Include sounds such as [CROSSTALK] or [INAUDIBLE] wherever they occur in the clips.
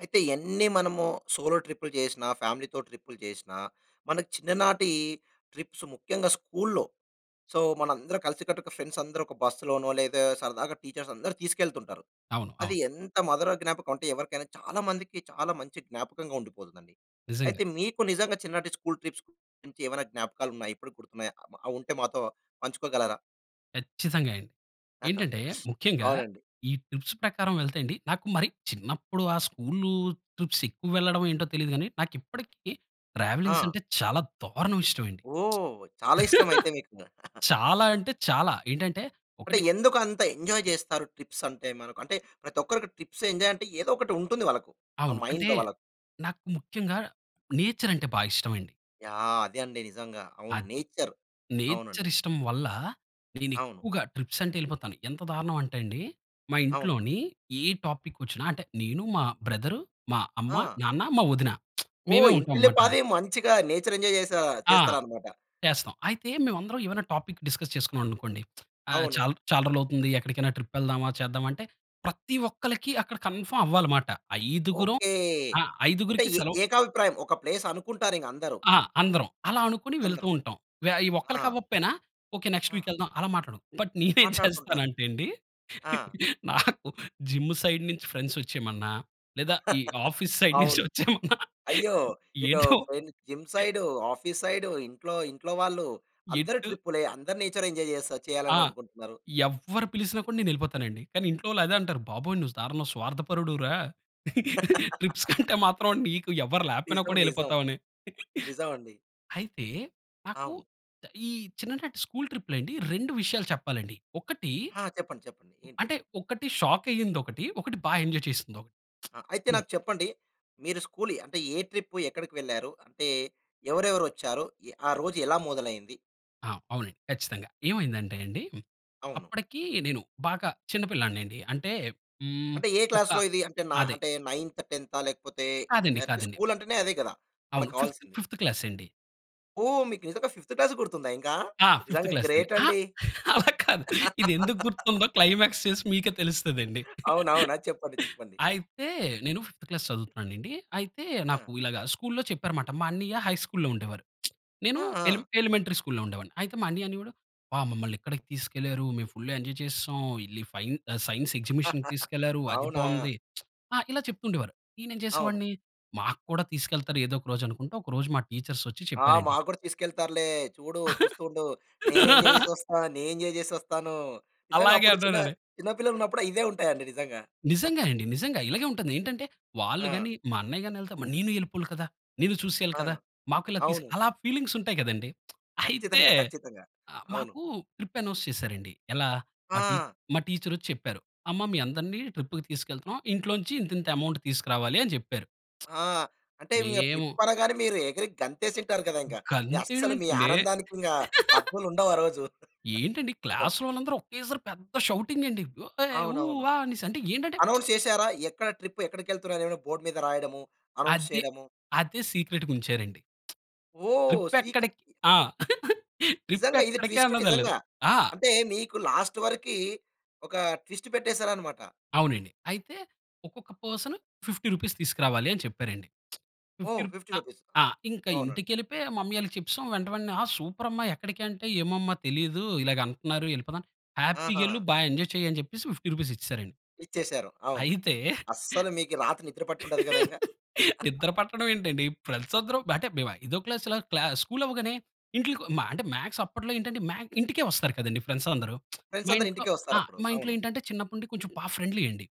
అయితే ఎన్ని మనము సోలో ట్రిప్‌లు చేసినా ఫ్యామిలీతో ట్రిప్‌లు చేసినా మనకు చిన్ననాటీ ట్రిప్స్ ముఖ్యంగా స్కూల్లో. సో మన అందరం కలిసికట్టుగా ఫ్రెండ్స్ అందరూ ఒక బస్లోనో లేదా సరదాగా టీచర్స్ అందరూ తీసుకెళ్తుంటారు. అవును, అది అవును. ఎంత మదుర జ్ఞాపకమంటే ఎవరికైనా చాలా మందికి చాలా మంచి జ్ఞాపకంగా ఉండిపోతుందండి. నిజంగా. అయితే మీకు నిజంగా చిన్ననాటి స్కూల్ ట్రిప్స్ గురించి ఏమైనా జ్ఞాపకాలు ఉన్నాయా? ఇప్పటికి గుర్తున్నాయా? అవి ఉంటే మాతో పంచుకోగలరా? ఖచ్చితంగా అండి. ఏంటంటే [GIGGLES] ముఖ్యంగా అవునండి. ఈ ట్రిప్స్ ప్రకారం వెళ్తే అండీ నాకు మరి చిన్నప్పుడు ఆ స్కూల్ ట్రిప్స్ ఎక్కువ వెళ్ళడమో ఏంటో తెలియదు కానీ నాకు ఇప్పటికి ట్రావెలింగ్స్ ఆ! అంటే చాలా దారుణంగా ఇష్టమండి. ఓహ్! [SMACKS LIPS] చాలా ఇష్టం అయితే [LAUGHS] మీకు. [GIGGLES] చాలా అంటే చాలా ఏంటంటే అంటే ఒకటి ఎందుకు అంత ఎంజాయ్ చేస్తారు, ట్రిప్స్ అంటే? మనకు అంటే ప్రతి ఒక్కరికి ట్రిప్స్ ఎంజాయ్ అంటే ఏదో ఒకటి ఉంటుంది వాళ్ళకు. ఆ అవును. అంటే మైండ్‌లో వాళ్ళకు. నాకు ముఖ్యంగా నేచర్ అంటే బాగా ఇష్టమండి. యాహ్! అదే అండి నిజంగా, అవును. అది నేచర్. అవునండి. నేచర్ ఇష్టం వల్ల, నేను అవును. ఎక్కువగా ట్రిప్స్ అంటే వెళ్ళిపోతాను. ఎంత దారుణం అంటే అండి మా అవును. ఇంట్లోని ఏ టాపిక్ వచ్చిన అంటే నేను, మా బ్రదర్, మా అమ్మ, ఆ! నాన్న, మా వదిన [SMACKS LIPS] మేమే ఓహ్! ఇంటిల్లి ఉంటామన్నమాట. పాది మంచిగా నేచర్ ఎంజాయ్ చేసా ఆ! చేస్తారన్నమాట. చేస్తాం. అయితే మేము అందరం ఏమైనా టాపిక్ డిస్కస్ చేసుకున్నామనుకోండి. [SMACKS LIPS] 'ఆహ్, అవును. చాలా రోజులు అవుతుంది ఎక్కడికైనా ట్రిప్ వెళ్దామా? చేద్దామా?' అంటే ప్రతి ఒక్కరికి అక్కడ కన్ఫర్మ్ అవ్వాలన్నమాట ఐదుగురం, ఓకె! ఆ అంటే ఐదుగురికి ఏ సెలవు ఏకాభిప్రాయం ఒక ప్లేస్ అనుకుంటారు ఇంక అందరూ. ఆ! అందరం. అలా అనుకోని వెళ్తూ అందరూ. ఉంటాం. వె ఆ ఆ! ఒక్కలకవ్వకపోయినా ఓకె నెక్స్ట్ అ! వీక్ వెళ్దాం. అలా మాట్లాడుకుంటాం. బట్ నేను ఏం మాట్లాడుతుంటారు. చేస్తానంటే అండి ఆ! నాకు జిమ్ సైడ్ నుంచి ఫ్రెండ్స్ వచ్చేయమన్నా లేదా ఈ [CHUCKLES] ఆఫీస్ సైడ్ నుంచి అవును వచ్చేమన్నా అయ్యో! ఇటు ఏంటో ఫై జిమ్ సైడూ, ఆఫిస్ సైడూ, ఇంట్లో ఇంట్లో వాళ్ళు అందరు ఎటు ట్రిప్‌లే అందరి నేచర్ ఎంజాయ్ చేస్తా ఆ! చేయాలని అనుకుంటున్నారు. ఎవ్వరు పిలిసినా కూడా నేను వెళ్ళిపోతానండి. కానీ ఇంట్లో వాళ్ళు అదే అంటారు, బాబోయ్ నువ్వు దారుణం స్వార్థపరుడు రా! [LAUGHS] ట్రిప్స్‌కంటే మాత్రం నీకు ఎవరు లేకపోయినా నిజం, కూడా నిజం, వెళ్ళిపోతావని. నిజమండి. అయితే నాకు అవును. ఈ చిన్ననాటి స్కూల్ ట్రిప్‌లండి 2 విషయాలు చెప్పాలండి, ఒకటి ఆ! చెప్పండి చెప్పండి ఏంటి? అంటే ఒకటి షాక్ అయ్యిందొకటి. ఒకటి బాగా ఎంజాయ్ చేసిందొకటి. అ! అయితే [SMACKS LIPS] నాకు చెప్పండి? మీరు స్కూల్ అంటే ఏ ట్రిప్ ఎక్కడికి వెళ్లారు? అంటే ఎవరెవరు వచ్చారు? ఎ ఆ రోజు ఎలా మొదలైంది? ఆ! అవునండి ఖచ్చితంగా. ఏమైందంటే అండి, అవును. అప్పటికి నేను బాగా చిన్నపిల్లాడిని అండి అంటే, హ్మ్. అంటే, ఏ ఒక క్లాస్‌లో ఇది అంటే నా అదే. అంటే నైన్త్, టెన్తా లేకపోతే, కాదండి. అంటే కాదండి. స్కూలంటేనే అదే కదా! అవును మనకు ఫిఫ్త్, కావాల్సింది. ఫిఫ్త్ క్లాస్ అండి. ఓహ్! మీకు నిజంగా ఫిఫ్త్ క్లాస్‌ది గుర్తుందా ఇంకా! ఆ! ఫిఫ్త్ నిజంగా క్లాస్ అండి. గ్రేట్ ఆ! అండి. [LAUGHS] అలా కాదు. ఇదెందుగ్గుర్తుందో [LAUGHS] క్లైమాక్స్ చేసి మీకే తెలుస్తదండి. [CHUCKLES] [CHUCKLES] అవునవునా! చెప్పండి చెప్పండి. అయితే, నేను ఫిఫ్త్ క్లాస్ చదువుతున్నానెండి. అయితే ఆ! నాకు ఇలాగా స్కూల్‌లో చెప్పారమాట. మా అన్నియ్య హై స్కూల్లో ఉండేవారు. [SMACKS LIPS] నేను ఆ! ఎలి ఆ! ఎలిమెంటరీ స్కూల్‌లో ఉండేవాడిని. అయితే మా అన్నియ్య అనేవాడు, "అబ్బా! మమ్మల్ని ఇక్కడికి తీసుకెళ్లారు. మేము ఫుల్‌గా ఎంజాయ్ చేసేశాం. ఎళ్లి ఫైన్ సైన్స్ ఎగ్జిబిషన్‌కి [CHUCKLES] తీసుకెళ్లారు అది అవునా! బాగుంది." [SMACKS LIPS] ఆహ్, ఇలా చెప్తూండేవారు. నేనేం అవును. చేసేవాడిని మాకు కూడా తీసుకెళ్తారు ఏదోక రోజు అనుకుంటు, ఒకరోజు మా టీచర్స్ ఒచ్చి ఆ! చెప్పారండి. మాకు కూడా తీసుకెళ్తారులే, చూడు చూస్తూ ఉండు. నేను ఎంజాయ్ [LAUGHS] చేసొస్తా. నేను ఎంజాయ్ చేసొస్తాను. నిజంగా అలాగే అప్పుడు చిన్న, అన్నానండి. [CHUCKLES] చిన్న పిల్లలున్నప్పుడు ఇవే ఉంటాయండి నిజంగా. నిజంగా [CHUCKLES] అండి. నిజంగా. ఇలాగే ఉంటాది ఏంటంటే, వాళ్ళు ఆ! గాని, మా అన్నయ్య గాని ఎళ్తే మరి నేను ఎళ్ళిపోవాలి కదా! నేను చూసేయాలి ఆ! కదా! మాకు ఇలా తీసి, అవును. అలా ఫీలింగ్స్ ఉంటాయి కదండీ. [SMACKS LIPS] అయితే, ఖచ్చితంగా. [CHUCKLES] ఖచ్చితంగా. ఆహ్, అవును. మాకు ట్రిప్ అనౌన్స్ చేశారండి. ఎలా మా టీ ఆ! మా టీచరొచ్చి చెప్పారు. "అమ్మ మీ అందరిని ట్రిప్‌కి తీసుకెళ్తున్నాం ఇంట్లో నుంచి ఇంతింత అమౌంట్ తీసుకురావాలి అని చెప్పారు. ఆ! అంటే, [SMACKS LIPS] ఇంగా మేము ట్రిప్ అనగానే మీరు ఎగిరి గంతేసుంటారు గదా! ఇంక. మీ గంతేయడం అస్సలు మీ ఏంటండి. ఆనందానికి ఇంక [CHUCKLES] హద్దులుండవు ఆ రోజు. [CHUCKLES] ఏంటండి ఇదొ క్లాస్‌లో వాళ్ళందరూ ఒకేసారి పెద్ద షౌటింగ్ అండి. ఏయ్! ఊ! అవునవును. ఆహ్, అనెసి అంటే, ఏంటంటే [SMACKS LIPS] అనౌన్స్ చేసారా? ఎక్కడ ట్రిప్ ఎక్కడికెళ్తున్నాం అనేనా బోర్డ్ మీద రాయడము, అనౌన్స్ అదే. చేయడము. అదే సీక్రెట్‌గా ఉంచారండి. [SMACKS LIPS] ఓహ్! ట్రిప్ సీక ఎక్కడికి ఆ! [CHUCKLES] ట్రిప్ నిజంగా ఇది ఎక్కడికి ట్విస్ట్ అన్నదెలేదు. నిజంగా. ఆ! అంటే మీకు లాస్ట్ వరకి, ఒక ట్విస్ట్ పెట్టేసారన్నమాట. అవునండి. అయితే, ఒక్కొక్క పర్సన్ రూ. 50 తీసుకురావాలి అని చెప్పారండి. [SMACKS LIPS] ఫిఫ్టీ ఓహ్! రుప్ ఫిఫ్టీ అ రూపీస్ ఆహ్, ఇంకా అవునండి. ఇంటికెళ్ళిపోయి మమ్మీ వాళ్ళకి చెప్పిసం. వెంట వెంటనే," ఆ సూపర్ అమ్మ ఎక్కడికి" అంటే, "ఏమోమ్మా తెలీదు, ఇలాగ అంటున్నారు ఎళ్ళిపోతాం," "హ్యాపీగెళ్ళు ఆహా! బాగా ఎంజాయ్ చెయ్యి" అని చెప్పేసి రూ. 50 ఇచ్చేసారండి. ఇచ్చేసారు. అవును. అయితే, అస్సలు మీకు రాత్రి నిద్ర పట్టి ఉండదు కదా! ఇంక. [LAUGHS] నిద్ర [CHUCKLES] పట్టడం ఏంటండి. ఫ్రెండ్స్ అందరం అంటే మేము ఐదో క్లాస్‌లా క్లా స్కూల్ అవ్వగానే ఇంట్లకొ మ అంటే మాక్స్ అప్పట్లో ఏంటంటే మ్యాక్ ఇంటికే వస్తారు కదండీ ఫ్రెండ్స్ అందరూ. [SMACKS LIPS] ఫ్రెండ్స్ మా అందరూ ఇంట్లో ఇంటికే ఆ! వస్తారప్పుడు. మా ఇంట్లో అవును. ఏంటంటే చిన్నప్పటి నుండి కొంచెం బా ఫ్రెండ్లీ అండి.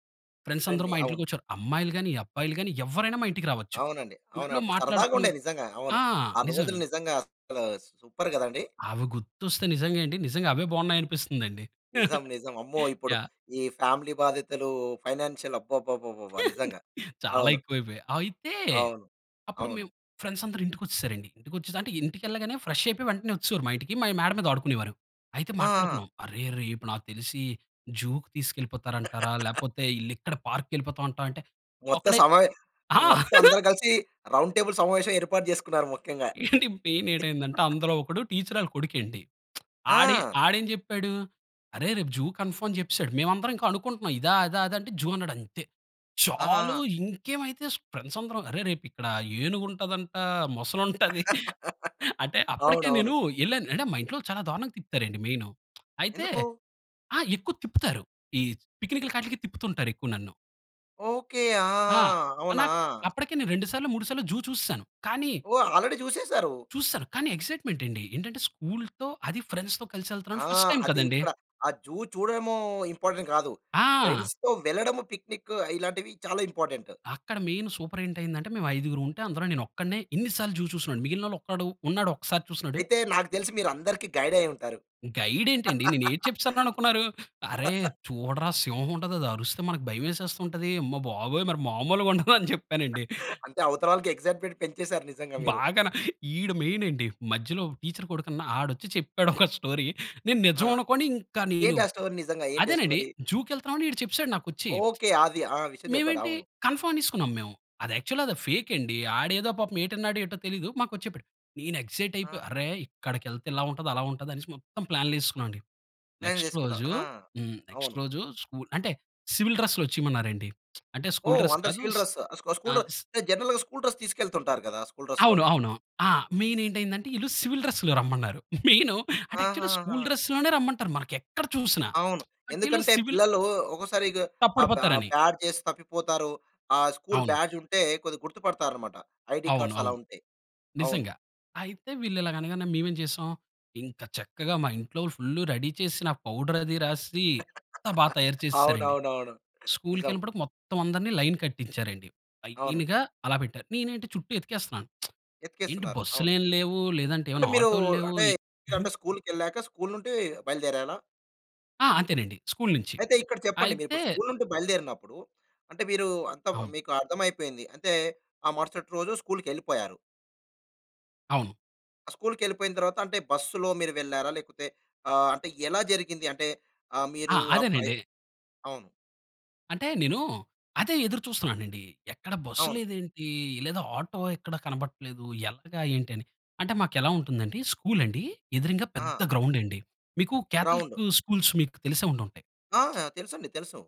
ఫ్రెండ్స్ అందరూ ఫ్రెండ్లీ మా అవును. ఇంట్లకొచ్చేవారు. అమ్మాయిలు గానీ, అబ్బాయిలు గానీ ఎవ్వరైనా మా ఇంటికి రావచ్చు. అవునండి. అవును ఫుల్లు అప్పుడు సరదాగా ఉండేది. మాట్లాడుకునేవారు నిజంగా. అవును. ఆ! ఆ రోజులు నిజమేండి. నిజంగా అసలు సూపర్ కదండి! అవి గుర్తొస్తే నిజంగా, ఏండి నిజంగా అవే బాగున్నాయనిపిస్తుందండి. నిజం. [CHUCKLES] నిజం. అమ్మో ఇప్పుడు యహ్! ఈ ఫ్యామిలీ బాధితులు ఫైనాన్‌షియల్ అబ్బబ్బబ్బబ్బా! [CHUCKLES] నిజంగా. చాలా అవును. ఎక్కువ అయిపోయాయి. అయితే, అవును. అప్పుడు అవును. మేము ఫ్రెండ్స్ అందరు ఇంటికొచ్చేసారండి. ఇంటికొచ్చెసి అంటే, ఇంటికెళ్ళగానే ఫ్రెష్ అయిపోయి, వెంటనే వచ్చేవారు మా ఇంటికి. మా మేడ మీద ఆడుకునేవారు. అయితే ఆ! ఆ! మాట్లాడుకున్నాం. "అరే రేపు నాకు తెలిసి జూకి తీసుకెళ్ళిపోతారంటారా, [LAUGHS] లేకపోతే ఈళ్ళిక్కడ పార్క్‌కి వెళ్ళిపోతాం అంటావా" అంటే, మొత్తం ఒక్కడే సమావే [CHUCKLES] ఆ! మొత్తం అందరు [CHUCKLES] కలిసి రౌండ్ టేబుల్ సమావేశం ఏర్పాటు చేసుకున్నారు ముఖ్యంగా. ఏండి [CHUCKLES] మెయిన్ ఏటైందంటే, [CHUCKLES] అందులో ఒకడు టీచరాళ్ళ కొడుకెండి. [SMACKS LIPS] ఆడె ఆ! ఆడెం చెప్పాడు, "అరే రేపు జూ కన్‌ఫర్మ్" అని జెప్పేసాడు. మేమందరం ఇంకా అనుకుంటున్నాం ఇదా, అదా, అదా అంటే జూ అన్నాడంతే. చాలు, ఆహాహా! ఇంకేమైతే ఫ్రెండ్స్ అందరం, "అరె! రేపు ఇక్కడ ఏనుగు ఉంటదంట, మొసలి ఉంటది. అంటే [LAUGHS] అప్పటికే అవునవును. నేను ఎళ్ళాను అంటే, మా ఇంట్లో చాలా దారుణంగా తిప్పుతారండి మెయిను. అయితే ఎందుకు? ఆ! ఎక్కువ తిప్పుతారు ఈ పిక్‌నిక్కులాట్లకి తిప్పుతుంటారు ఎక్కువ నన్ను. ఓకే. ఆ! ఆ! అవునా? అనాక్ అప్పటికే నేను, 2 సార్లో, 3 సార్లో జూ చూస్సాను. కానీ ఓహ్! ఆల్రెడీ చూసేసారు. చూస్సాను. కానీ ఎక్స్సైట్మెంట్ అండి. ఏంటంటే, స్కూల్‌తో, అదీ ఫ్రెండ్స్‌తో ఆ! కల్సెల్తన్నాను. ఫస్ట్ టైం అది కదండీ! ఇక్కడ, ఆ జూ చూడడమో, ఇంపార్టెంట్ కాదు. ఆ! ఫ్రెండ్స్‌తో వెళ్ళడం, పిక్నిక్ ఇలాంటివి చాలా ఇంపార్టెంట్. అక్కడ మెయిన్ సూపర్ ఏంటి అయిందంటే, మేము ఐదుగురు ఉంటే అందులో నేను ఒక్కడినే, ఇన్ని సార్లు జూ చూసినోడిని. మిగిలినోళ్ళలో ఒక్కడు, ఉన్నాడు ఒకసారి చూసినోడు. అయితే, నాకు తెలిసి మీరందరికి గైడైయ్యుంటారు. గైడ్ ఏంటండి? నేను ఏటి చెప్పిసాను అనుకున్నారు. "అరె! [LAUGHS] చూడరా, సింహం ఉంటది అది అరుస్తే మనకు భయమేసేస్తుంటది, అమ్మ బాబోయ్! మరి మాములుగా ఉండదు," అని చెప్పానండి. [CHUCKLES] అంటే, అవతల వాళ్ళకి ఎక్సైట్మెంట్ పెంచేసారు నిజంగా [LAUGHS] మీరు. బాగాన. ఈడు మెయినండి. మధ్యలో ఒక టీచర్ కొడుకున్నా, ఆడొచ్చి చెప్పాడు, ఒక స్టోరీ, నేను ఆ! నిజం అనుకోని ఇంకా నేను ఏంటి ఆ స్టోరి? నిజంగా, ఏంటి ఆ అదేనండి స్టోరీ? జూకెళ్తున్నాం అని, ఈడు చెప్పేసాడు నాకొచ్చి. ఓకే. ఆది. ఆ విషయం చెప్పాడు. మేమేంటి, అవును. కన్ఫర్మ్ అనేసుకున్నాం మేము. యాక్చువల్‌గా అది ఫేక్ అండి. ఆడేదో పాపం ఏటన్నాడో, ఏటో తెలీదు, మాకొచ్చి చెప్పాడు. నేను ఎక్సైట్ అయిపోయి, ఆహా! "అరె! ఇక్కడికెళ్తే ఇలా ఉంటది, అలా ఉంటది," అనేసి మొత్తం ప్లాన్లేసుకున్నావండి. ప్లాన్ నెక్స్ట్ చేసుకున్నా. రోజు ఆ! హ్మ్. నెక్స్ట్ అవును. రోజు ,స్కు అంటే, సివిల్ డ్రెస్‌లో వచ్చేయమన్నారు అండి. [SMACKS LIPS] అంటే, స్కూల్ ఓహ్, డ్రెస్ అందరూ కాదు. సివిల్ డ్రెస్ స్కు స్కూల్ డ్ర అంటే, జనరల్‌గా స్కూల్ డ్రెస్ తీసుకెళ్తుంటారు కదా! స్కూల్ డ్రెస్‌ అవును, లోనే. అవును. ఆ! మెయినేంటయిందంటే, ఈళ్ళు సివిల్ డ్రెస్‌లో రమ్మన్నారు. [CHUCKLES] మెయిన్, అంటే యాక్చువల్‌గా ఆహాహా! స్కూల్ డ్రెస్‌ లోనే రమ్మంటారు మనకెక్కడ చూసినా. అవును. [SMACKS LIPS] అంటే ఈళ్ళు ఎందుకంటే, సివిల్ పిల్లలు ఒకోసారిగ అబ్ బా తప్పడిపోతారని. బ్యాడ్జేసి తప్పిపోతారు. ఆ స్కూల్ అవును. బ్యాడ్జ్ ఉంటే కొద్దిగా గుర్తుపడతారున్నమాట. ఐడీ అవును. కార్డ్స్ అలా అవును. ఉంటే. అవును. నిజంగా. అయితే, వీళ్ళు ఇలాగ అనగానే మేమేం చేసాం, ఇంకా చక్కగా మా ఇంట్లో ఫుల్ రెడీ చేసిన పౌడర్ అది రాసి, అంతా బాగా [CHUCKLES] తయారు చేస్సేరండి. అవునవునవును. నిజం. స్కూల్‌కెళ్ళినప్పుడు మొత్తం అందరిని లైన్ కట్టించారండి. అవును. లైన్‌గా, అలా పెట్టారు. నేనేంటి, చుట్టూ ఎతికేస్తున్నాను. [SMACKS LIPS] ఏంటి! ఎతికేస్తున్నారు, అవును. బస్సులేం లేవు, లేదంటే అంటే ఏవన్నా మీరు, ఆటోలు లేవు అంటే అంటే, స్కూల్‌కెళ్ళాక, స్కూల్ నుండి బయలుదేరాలా? ఆ! అంతేనండి. స్కూలు నుంచి. అయితే ఇక్కడ చెప్పండి. అయితే మీరిప్పుడు స్కూల్ నుండి బయలుదేరినప్పుడు, అంటే మీరు అంత అవును. మీకు అర్థమైపోయింది. అంతే ఆ మరుసటి రోజు స్కూల్‌కెళ్ళిపోయారు. అవును. స్కూల్‌కెళ్ళిపోయిన తర్వాత అంటే బస్సులో మీరు వెళ్లారా? లేకపోతే ఆహ్, అంటే ఎలా జరిగింది? అంటే ఆహ్, ఆ! మీరు ఆ ప్రయ్ అదేనండి. అవును. అంటే నేను అదే ఎదురు చూస్తున్నానండి. ఎక్కడ బస్సు అవును. లేదేంటి? లేదా ఆటో ఎక్కడ కనపడట్లేదు ఎలాగా ఏంటి అని. అంటే మాకెలా ఉంటుందండి స్కూల్ అండి. ఎదురంగా పెద్ద ఆ! గ్రౌండ్ అండి. మీకు గ్రౌండు. కాథలిక్ స్కూల్స్ మీకు తెలిసే ఉండి ఉంటాయి. ఆ! తెలుసండి. తెలుసు.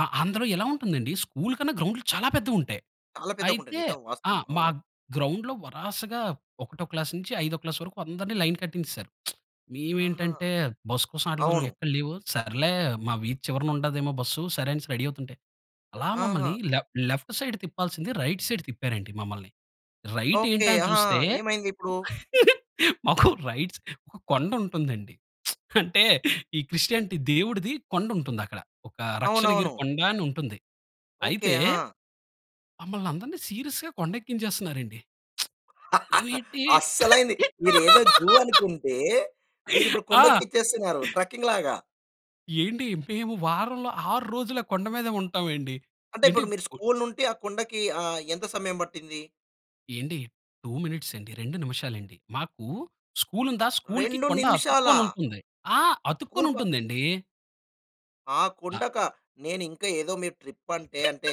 ఆ! అందులో ఎలా ఉంటుందండి. స్కూల్ కన్నా గ్రౌండ్‌లు చాలా పెద్దవుంటాయి. చాలా పెద్దగుంటది అయితే నిజం. ఆ! వాస్తవం. మా అవును. గ్రౌండ్‌లో వరాసగా ఒకటో క్లాస్ నుంచి ఐదో క్లాస్ వరకు అందరిని లైన్ కట్టించేసారు. [SMACKS LIPS] ఆహా! మేవేంటంటే బస్సు కోసం ఆటిల కోసం అవును. ఎక్కడ లేవు. సర్లే మా వీధి చివరన ఉండదేమో బస్సు సరే అనేసి రెడీ అవుతుంటే, అలా ఆహా! మమ్మల్ని లె లెఫ్ట్ సైడ్ తిప్పాల్సింది రైట్ సైడ్ తిప్పారండి మమ్మల్ని. ఓకే. రైటేంటా అని అహా! చూస్తే, ఏమైంది ఇప్పుడు? మాకు రైట్ స్ [CHUCKLES] ఒక కొండుంటుందండి. [SMACKS LIPS] అంటే, [CHUCKLES] ఈ క్రిస్టియానిటి దేవుడిది కొండుంటుందక్కడ. ఒక రక్షణగిరి అవునవును. కొండ అనుంటుంది. ఓకే. అయితే ఆ! మమల్ని అందరిని సీరియస్‌గా కొండెక్కించేస్తన్నారండి. [SMACKS LIPS] [LAUGHS] ఏంటి. అస్సలైంది. [LAUGHS] మీరేదో జూ అనుకుంటే మీరు ఇప్పుడు ఆ! కొండెక్కిచ్చేస్తున్నారు ట్రకింగ్‌లాగా. ఏండి మేము వారంలో 6 రోజుల ఆ కొండ మీదే ఉంటామండి. అంటే ఏంటి ఇప్పుడు మీరు కొ స్కూల్ నుండి ఆ కొండకి ఆహ్, ఎంత సమయం పట్టింది? ఏండి. 2 మినిట్స్ అండి. 2 నిమిషాలండి. మాకు స్కూల్ ఉందా, స్కూల్‌కి 2 కొండ నిమిషాలా! అతుక్కొనుంటుంది. ఆ! స్కూల్ అతుక్కుని ప ఉంటుందండి. ఆ ఆ! కొండకా? నేను ఇంకా ఏదో మీ ట్రిప్ అంటే, అంటే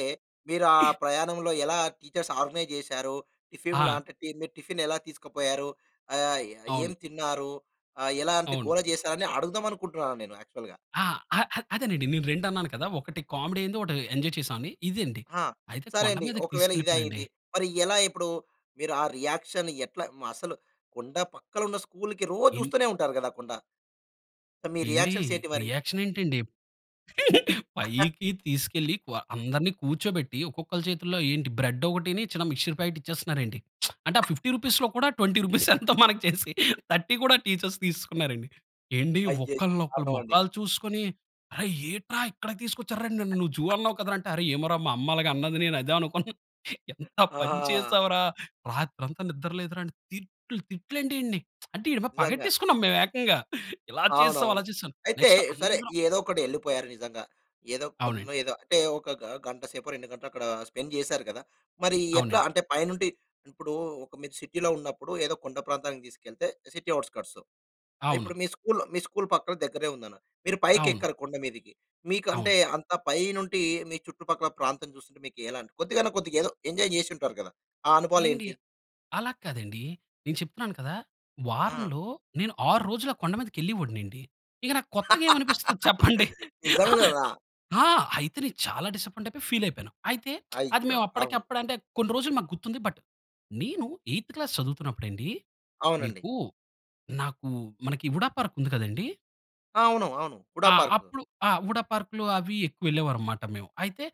మీరు ఆ ప్రయాణంలో ఎలా టీచర్స్ ఆర్గనైజ్ చేసారు? టిఫిన్‌లు ఆ! అంటే టి మీరు టిఫిన్ ఎలా తీసుకోపోయారు? ఆహ్, అవును. ఏం తిన్నారు? ఆహ్, ఎలాంటి అవును. గోల చేశారు? అని అడుగుదామనుకుంటున్నాను నేను యాక్చువల్‌గా. ఆ! ఆ! ఆ! అదేనండి నేను రెండన్నాను కదా. ఒకటి కామెడీ అయింది ఒకటి ఎంజాయ్ చేశామని ఇదండి. ఆ! అయితే సరే కొండ అండి. మీదకి ఒకవేళ ఇది తీసుకెళ్ళిపోయానండి. అయింది. మరి ఎలా ఇప్పుడు? మీరు ఆ రియాక్షన్ ఎట్లా అసలు? కొండ పక్కన ఉన్న స్కూల్‌కి రోజు ఇన్ చూస్తూనే ఉంటారు కదా కొండ. అంటే మీ ఏండీ రియాక్షన్స్ ఏంటి మరి? రియాక్ష‌న్ ఏంటండి? [CHUCKLES] [CHUCKLES] పైకి తీసుకెళ్ళి క్వ అందరిని కూర్చోబెట్టి ఒక్కొక్కరి చేతుల్లో ఏంటి బ్రెడ్ ఒకటిని చిన్న మిక్స్చర్ ప్యాకెట్ ఇచ్చేస్తున్నారండి. [SMACKS LIPS] అంటే ఆ రూ. 50లో కూడా రూ. 20 ఎంతో చేసి 30 కూడా టీచర్స్ తీసుకున్నారండి. ఏండి అయ్యయ్యో! ఒకళ్లొకళ్ళు దారుణమండి. మొఖాలు చూసుకొని "అరె ఏంట్రా ఇక్కడికి తీసుకొచ్చారు? నన్ను నువ్వు జూ అన్నావ్ [CHUCKLES] కదా! అంటే అరే ఏమో మా అమ్మ అన్నది నేను అదే అనుకున్నాను. ఎంత పని ఆహా! వా చేసావు రా! రాత్రంతా నిద్ర లేదురా". తిట్లు తిట్లండి ఈడ్ని. [SMACKS LIPS] అంటే నిజంగా. పగట్టేసుకున్నాం మేము ఏకంగా. [CHUCKLES] ఇలా చేసావ్ అలా అవునవును. చేసాం అయితే నెక్స్ట్ సరే అందరం ఏదో ఒకటి వెళ్ళిపోయారు నిజంగా. ఏదో కొండో అవునండి. ఏదో అంటే ఒక గ గంట సేపు 2 గంటలో అక్కడ స్పెండ్ చేశారు కదా! మరి ఎట్లా అవునండి. అంటే పైనుండి ఇప్పుడు ఒక మీరు సిటీలో ఉన్నప్పుడు ఏదో కొండ ప్రాంతానికి తీసుకెళ్తే సిటీ ఔట్‌స్క‌ర్ట్స్. అవును. ఇప్పుడు మీ స్కూల్ స్కూల్ పక్కన దగ్గరే ఉందని. మీరు పైకి అవును. ఎక్కరు కొండ మీదకి. మీకు అంటే అవును. అంత పైనుండి మీ చుట్టుపక్కల ప్రాంతం చూస్తుంటే మీకు ఎలాంటి కొద్దిగన్నా కొద్దిగా ఏదో ఎంజాయ్ చేసుంటారు కదా! ఆ ఎండి అనుభవాలేంటి? అలా కాదండీ. నేను చెప్తున్నాను కదా! ఆ! వారంలో నేను 6 రోజులు ఆ కొండ మీదకి వెళ్ళేవోడినండి. ఇక నాకు కొత్తగా [LAUGHS] ఏమనిపిస్తుంది చెప్పండి? నిజం గదా! ఆ! అయితే నేను చాలా డిసప్పాయింటయిపోయి ఫీలైయిపోయాను. అయితే [SMACKS LIPS] అది అయ్యో! మేము అవును. అప్పటికప్పుడు అంటే కొన్ని రోజులు మాకు గుర్తుంది. బట్ నేను ఎయిత్ క్లాస్ చదువుతున్నప్పుడండి, అవునండి. మీకు నాకు మనకి ఉడా పార్క్ ఉంది కదండీ. అవును. అవును. హుడా ఆ! పార్కు. అప్పుడు ఆ! ఉడా పార్క్‌లు, అవి ఎక్కువ వెళ్ళేవారనమాట మేము. అయితే,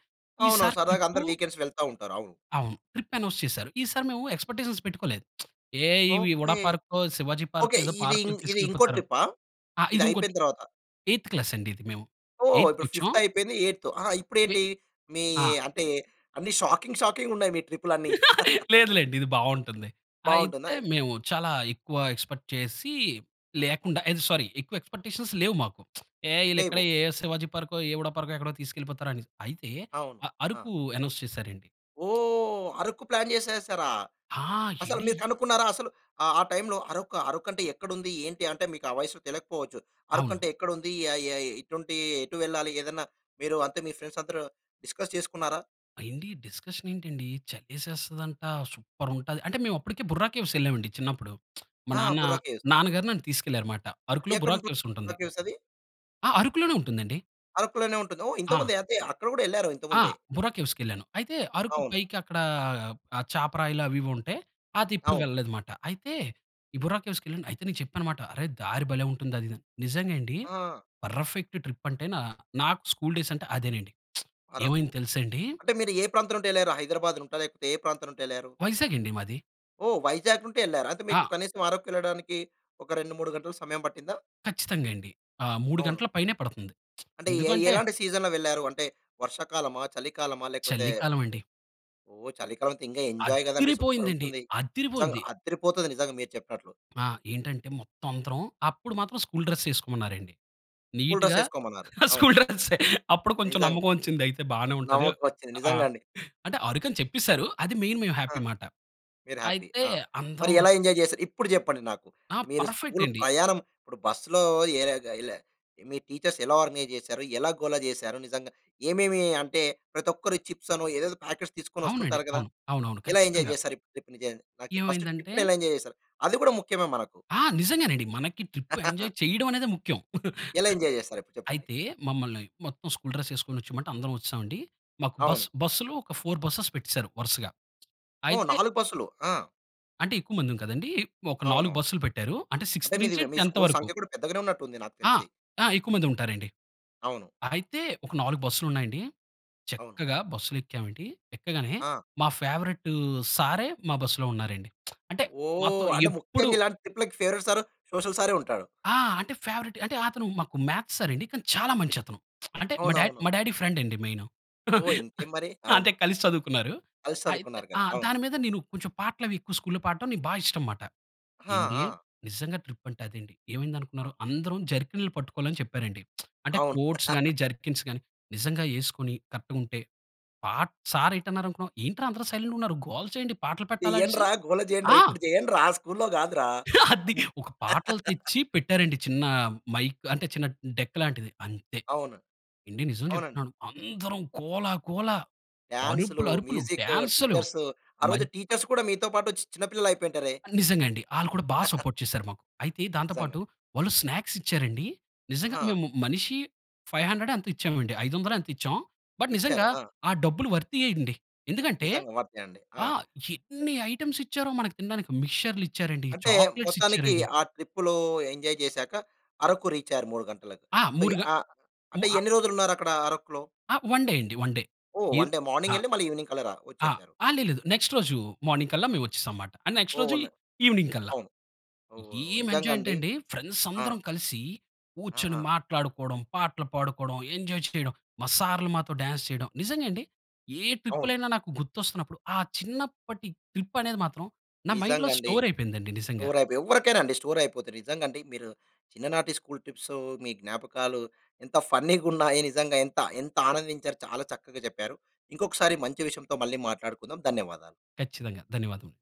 అవును. ఈసారి సరదాగా ట్రిప్పు అందరు వీకెండ్స్ వెళ్తా ఉంటారు. అవును. అవును. ట్రిప్ అనౌన్స్ చేసారు. ఈసారి మేము ఎక్సపెక్ట్స్టేషన్స్ పెట్టుకోలేదు. [SMACKS LIPS] ఏ ఈ ఉడా ఓకే. పార్కో, శివాజీ పార్కో, ఓకే. ఏదో ఇది, పార్క్‌లు ఇది ఇంకో తీసుకెళ్ళిపోతారు. ట్రిప్పా? ఆ! ఇది ఇది ఇంకోటి అయిపోయిన తర్వాత. ఎయిత్ క్లాస్ అండి ఇది మేము. ఓహ్! ఇప్పుడు ఎయిత్‌క్కొచాం ఫిఫ్త్ అయిపోయింది ఎయిత్. ఆహా! ఇప్పుడు వి ఏంటి? మీ ఆ! అంటే, అన్ని షాకింగ్ షాకింగ్‌గా ఉన్నాయి మీ ట్రిప్లు అన్ని. [CHUCKLES] లేదు [CHUCKLES] లేండి. ఇది బాగుంటుంది. అయితే, బావుంటున్నయి. మేము చాలా ఎక్కువ ఎక్స్పెక్ట్ చేసి లేకుండా, అదె సారీ, ఎక్కువ ఎక్స్పెక్టేషన్స్ లేవు మాకు. [SMACKS LIPS] ఏ ఇళ్ళు లేవు. ఎక్కడే ఏ శివాజీ పార్కో, ఏ ఉడా పార్కో ఎక్కడో తీసుకెళ్ళిపోతారు అని. అయితే, అవును. అ ఆ! అరకు అనౌన్స్ చేసారు అండి. ఓహ్! అరకు ప్లాన్ చేసేసారా? ఆ! అసలు ఎండి మీరు కనుక్కున్నారా? అసలు, ఆ టైమ్‌లో అరకూ? అరుకు అంటే ఎక్కడ ఉంది! ఏంటి! అంటే, మీకు ఆ వయస్సు తెలియకపోవచ్చు. అరకు అవును. అంటే ఎక్కడ ఉంది? ఎ ఎయ్ ఇటు ఉంటే ఎటు వెళ్లాలి? ఏదైనా, మీరు అంటే మీ ఫ్రెండ్స్ అందరూ, డిస్కస్ చేసుకున్నారా? ఎండి డిస్కషన్ ఏంటండి చలేసేస్తది అంట, సూపర్ ఉంటది. అంటే, మేము అప్పటికే బుర్రా కేవ్స్ ఎళ్ళామండి, చిన్నప్పుడు. [SMACKS LIPS] మా ఆ! నాన్న బుర్రాకేవ్స్. నాన్నగారు నన్ను తీసుకెళ్ళారుమాట. అరకులో, ఎక్కడ బుర్రా ఉంటుంది కేవ్స్ ఉంటుంది. బుర్రాకేవ్స్ అవి? ఆ! అరకులోనే ఉంటుందండి. అరకులోనే ఉంటుంది. ఓహ్! ఆ! ఇంతకుముందే అదే అక్కడ కూడా వెళ్లారు, ఆ! ఇంతకుముందే. బొర్రా కేవ్స్‌కి వెళ్ళాను. అయితే అరకు అవును. పైకి అక్కడ ఆ చాపరాయిలు అవి ఇవి ఉంటాయి, అది ఎప్పుడు అవును. వెళ్ళలేదనమాట. అయితే, ఈ బొర్రా కేవ్స్‌కి వెళ్ళాను అయితే నేను చెప్పాననమాట. అరే దారి భలే ఉంటుంది అది ఇది అని. నిజంగా అండి ఆ! పర్‌ఫెక్ట్ ట్రిప్ అంటే నా నాకు స్కూల్ డేస్ అంటే అదేనండి. [SMACKS LIPS] అరకు. ఏమైంది తెలుసా అండి? అంటే మీరు ఏ ప్రాంతం నుండి వెళ్లారు హైదరాబాద్ నుండా? లేకపోతే ఏ ప్రాంతం నుండి వెళ్లారు? వైజాగ్ అండి మాది. ఓహ్, వైజాగ్ నుండి వెళ్లారు. అయితే మీకు ఆ! కనీసం ఆరకు వెళ్ళడానికి ఒక 2:00, 3: 00 గంటలు సమయం పట్టిందా? ఖచ్చితంగా అండి. ఆ! అవును. 3:00 పైనే పడుతుంది. అంటే ఏ ఎందుకంటే ఎలాంటి సీజన్‌లో వెళ్లారు. అంటే వర్షాకాలమా, చలికాలమా, లేకపోతే చలికాలం అదె అండి. ఓహ్! చలికాలం అయితే ఇంకా ఎంజాయ్ కదండీ సూపర్ అద్దిరిపోయింది అండి! ఉంటుంది. నిజంగా అద్దిరిపోయింది! అద్దిరిపోతది నిజంగా మీరు చెప్పినట్లు. ఆ! ఏంటంటే మొత్తం అందరం అప్పుడు మాత్రం స్కూల్‌డ్రస్ వేసుకోమన్నారండి. స్కూల్‌ డ్రెస్ నీట్‌గా వేసుకోమన్నారు అవును. స్కూల్‌ డ్రెస్ అప్పుడు కొంచెం నిజం. నమ్మకం వచ్చింది అయితే బానే ఉంటది. నమ్మకం వచ్చింది ఆ! నిజంగా అండి. అంటే అరకు అని చెప్పేసారు. అది మెయిన్ మేము హ్యాపీ ఆహ్! మాట. మీరు హ్యాపీ. అయితే ఆ! మరి అందరం ఎలా ఎంజాయ్ చేశారు? ఇప్పుడు చెప్పండి నాకు. ఆ! మీరు పర్‌ఫెక్ట్ స్కూల్ అండి. ప్రయాణం, ఇప్పుడు బస్సులో, ఏ ర ఏల మీ టీచర్స్ ఎలా ఆర్గనైజ్ చేశారు? ఎలా గోల చేశారు? నిజంగా ఏమేమి అంటే ప్రతి ఒక్కరు చిప్స్ అనో, ఏదేదో ప్యాకెట్స్ తీసుకొని అవునండి. వస్తుంటారు కదా, అవును. అవునవును ఎలా ఎంజాయ్ ఖచ్చితంగా. చేశారు ట్రిప్‌ని, ఫస్ట్ ఏమైందంటే ట్రిప్‌ని ఎలా ఎంజాయ్ చేశారు? అది కూడా ముఖ్యమే మనకు. ఆ! నిజంగానండి మనకి ట్రిప్ ఎంజాయ్ [LAUGHS] చేయడం అనేది ముఖ్యం. ఎలా ఎంజాయ్ చేస్తారు? ఇప్పుడు చెప్పండి. అయితే మమ్మల్ని మొత్తం స్కూల్ డ్రెస్ వేసుకొని వచ్చేయమంటే అందరం వచ్చామండి. మాకు బస్ అవును. బస్సులు ఒక 4 బస్సెస్ పెట్టేసారు వరుసగా. ఓహ్! అయితే 4 బస్‌లు ఆ! అంటే, ఎక్కువ మందిమి కదండీ. ఒక 4 అవునవును. బస్సులు పెట్టారు. అంటే అంటే, సిక్స్త్ మీది నుంచి మీ 10థ్ స్కూల్ వరకు. సంఖ్య కూడా పెద్దగానే ఉన్నట్టు ఉంది నాకు ఆ! తెలిసి. ఆ! ఎక్కువ మందే ఉంటారండి. అవును. అయితే, ఒక 4 బస్సులున్నాయండి. అవును. చక్కగా బస్సులు ఎక్కాం అండి. ఎక్కగానే ఆ! మా ఫేవరైటు సారే మా బసులో ఉన్నారండి. [SMACKS LIPS] అంటే, మాతో ఓహ్! అంటే, ఎప్పుడూ ముఖ్యంగా ఇలాంటి పిల్లలకి ఫేవరెట్ సారు, సోషల్ సారే ఉంటాడు. ఆ! అంటే ఫేవరెటే. అంటే అతను మాకు మ్యాథ్స్ సారండి. కానీ చాలా మంచతను. [SMACKS LIPS] అంటే, మా డా అవునవును. మా డాడీ ఫ్రెండ్ అండి మెయిను. ఓహ్! ఇంకేం [CHUCKLES] మరి. అవును. అంటే కలిసి చదువుకున్నారు. కలిసి అయితే చదువుకున్నారు కదా! ఆ! అవును. దాని మీద నేను కొంచెం పాటలు అవి ఎక్కువ స్కూల్‌లో పాడటం నాకు బా ఇష్టంమాట. ఆ! ఏండి, ఆ! నిజంగా ట్రిప్ అంటే అదండి. ఏమైందనుకున్నారు? అ అందరం జర్కిన్‌లు పట్టుకోవాలని చెప్పారండి. [SMACKS LIPS] అంటే, అవును. కోట్స్ గానీ, [CHUCKLES] జర్కిన్స్ గానీ, నిజంగా ఏసుకొని కరెక్ట్‌గుంటే పాట్ సార్ ఏంటన్నారనుకున్నావ్? "ఏంట్రా అందరు సైలెంట్‌గా ఉన్నారు? గోల చేయండి. పాటలు పెట్టాలా?" అనేసి. చేయండ్రా. గోల చేయండ్రా. ఆ! ఇప్పుడు చేయండ్రా. స్కూల్‌లో కాదురా [LAUGHS] అది! అని. ఒక పాటలు తెచ్చి పెట్టారండి. చిన్న మైక్ అంటే, చిన్న డెక్ లాంటిది. అంతే. అవును. ఏండి నిజం అవునండి. చెప్తున్నాను. అందరం గోల గోల, డాన్స్, అరుపులరుపులు, మ్యూజిక్కు, డాన్స్‌లు. టీచర్సు ఆ రోజు మద్ టీచర్స్ కూడా మీతో పాటు చిన్నపిల్లలైపోయింటారే? నిజంగా అండి. ఆళ్ళు కూడా బా [CHUCKLES] సపోర్ట్ చేశారు మాకు. అయితే దాంతో నిజంగా. పాటు, వాళ్ళు స్నాక్స్ ఇచ్చారండి. నిజంగా ఆ! మేము మనిషి 500 ఎంతో ఇచ్చామండి. 500 ఎంతో ఇచ్చాం. బట్ నిజంగా ఇచ్చారు. ఆ! ఆ డబ్బులు వర్తీయే అండి. ఎందుకంటే నిజంగా వర్తే అండి. ఆ! ఆ! ఎన్ని ఐటమ్స్ ఇచ్చారో మనకు తినడానికి. మిక్స్చర్లిచ్చారండి, అంటే, చాక్లెట్స్ మొత్తానికి ఇచ్చారండి. ఆ ట్రిప్‌లో ఎంజాయ్ జేశాక అరకు రీచయ్యారు 3:00 గంటలకు. ఆ! సో, మూడు గ అ మూ అంటే అ ఎన్ని రోజులు ఉన్నారు అక్కడ అరకులో? ఆ! వన్ డే అండి. One day. ఓహ్! వన్ ఇర్ డే అ మార్నింగెళ్లి, మళ్ళీ ఈవినింగ్ కల్లా రా ఆ! వచ్చేసారు. ఆ! లే లేదు. నెక్స్ట్ రోజు మార్నింగ్ కల్లా మేము వచ్చేసామన్నమాట. ఆ నెక్స్ట్ ఓహ్! రోజు ఉన్నాయి. ఈవెనింగ్ కల్లా. అవును. ఓహ్! ఏం నిజంగా ఎంజాయ్ అంటే అండి. అండి, ఫ్రెండ్స్ ఆ! అందరం కలిసి, కూర్చొని ఆహా! మాట్లాడుకోవడం, పాటలు పాడుకోవడం, ఎంజాయ్ చేయడం, మా సార్‌లు మాతో డాన్స్ చేయడం. నిజంగా అండి. ఏ అవును. ట్రిప్పులైనా నాకు గుర్తొస్తున్నప్పుడు ఆ చిన్నప్పటి ట్రిప్ అనేది మాత్రం నా మైండ్‌లో నిజంగా అండి. స్టోర్ అయిపోయిందండి నిజంగా. స్టోరయిపే. ఎవ్వరికైనా అండి స్టోరయిపోతయి. నిజంగా అండి. మీరు చిన్ననాటి స్కూల్ ట్రిప్సు, మీ జ్ఞాపకాలు, ఎంత ఫన్నీగున్నాయి, నిజంగా. [CHUCKLES] ఎంత, ఎంత ఆనందించారు? చాలా చక్కగా చెప్పారు. ఇంకొకసారి మంచి విషయంతో మళ్ళీ మాట్లాడుకుందాం. ధన్యవాదాలు. ఖచ్చితంగా. ధన్యవాదము.